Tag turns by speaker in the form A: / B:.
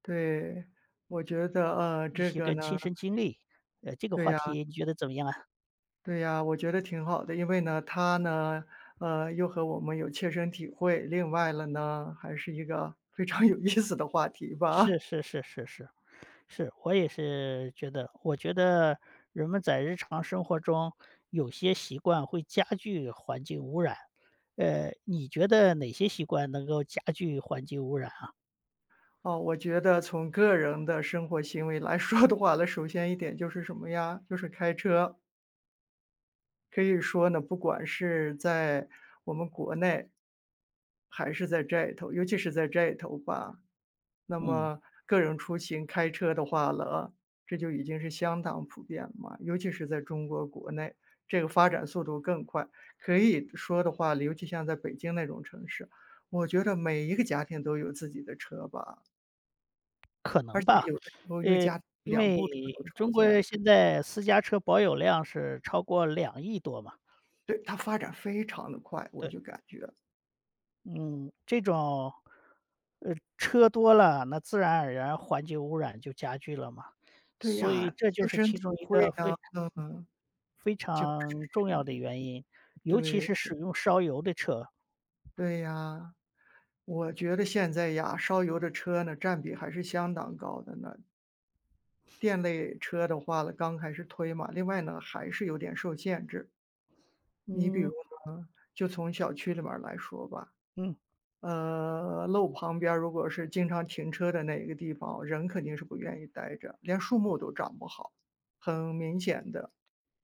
A: 对，我觉得，
B: 一
A: 这
B: 些
A: 个
B: 个
A: 呢
B: 亲身经历，呃，这个
A: 对
B: 话
A: 呀。
B: 题你觉得怎么样啊？
A: 对呀，我觉得挺好的。因为呢它呢，呃，又和我们有切身体会。另外了呢，还是一个非常有意思的话题吧。
B: 是是是是是，是。我也是觉得我觉得，人们在日常生活中，有些习惯会加剧环境污染。呃，你觉得哪些习惯能够加剧环境污染啊？
A: 哦，我觉得从个人的生活行为来说的话呢，首先一点就是什么呀？就是开车。可以说呢，不管是，在我们国内，还是在这头，尤其是在这头吧。那
B: 嗯。
A: 么，个人出行开车的话了，这就已经是相当普遍了嘛。尤其是在中国国内，这个发展速度更快。可以说的话，尤其像在北京那种城市，我觉得每一个家庭都有自己的车吧。
B: 可
A: 而
B: 能
A: 且
B: 吧。
A: 有时候1个家庭
B: 诶，因
A: 2部车，
B: 为，
A: 都常
B: 中
A: 见。
B: 国现在，私家车保有量是超过2亿多吧。
A: 对，它发展非常得快，我
B: 对。
A: 就感觉。
B: 嗯，这种呃，车多了，那自然而然环境污染就加剧了嘛。
A: 对
B: 所以
A: 呀，
B: 这就
A: 切
B: 是
A: 身
B: 其
A: 体
B: 中一
A: 会
B: 个非嗯，
A: 呢，嗯。
B: 非
A: 就
B: 常重要的原因。尤其
A: 是
B: 是使
A: 对。
B: 用烧油的车。
A: 对呀。我觉得现在呀，烧油的车呢，占比还是相当高的呢。电类车的话呢，刚开始推嘛。另外呢，还是有点受限制。你比如
B: 嗯。
A: 呢，就从小区里面儿来说吧。
B: 嗯。
A: 呃，路旁边如果是经常停车的那个地方，人肯定是不愿意待着，连树木都长不好，很明显的。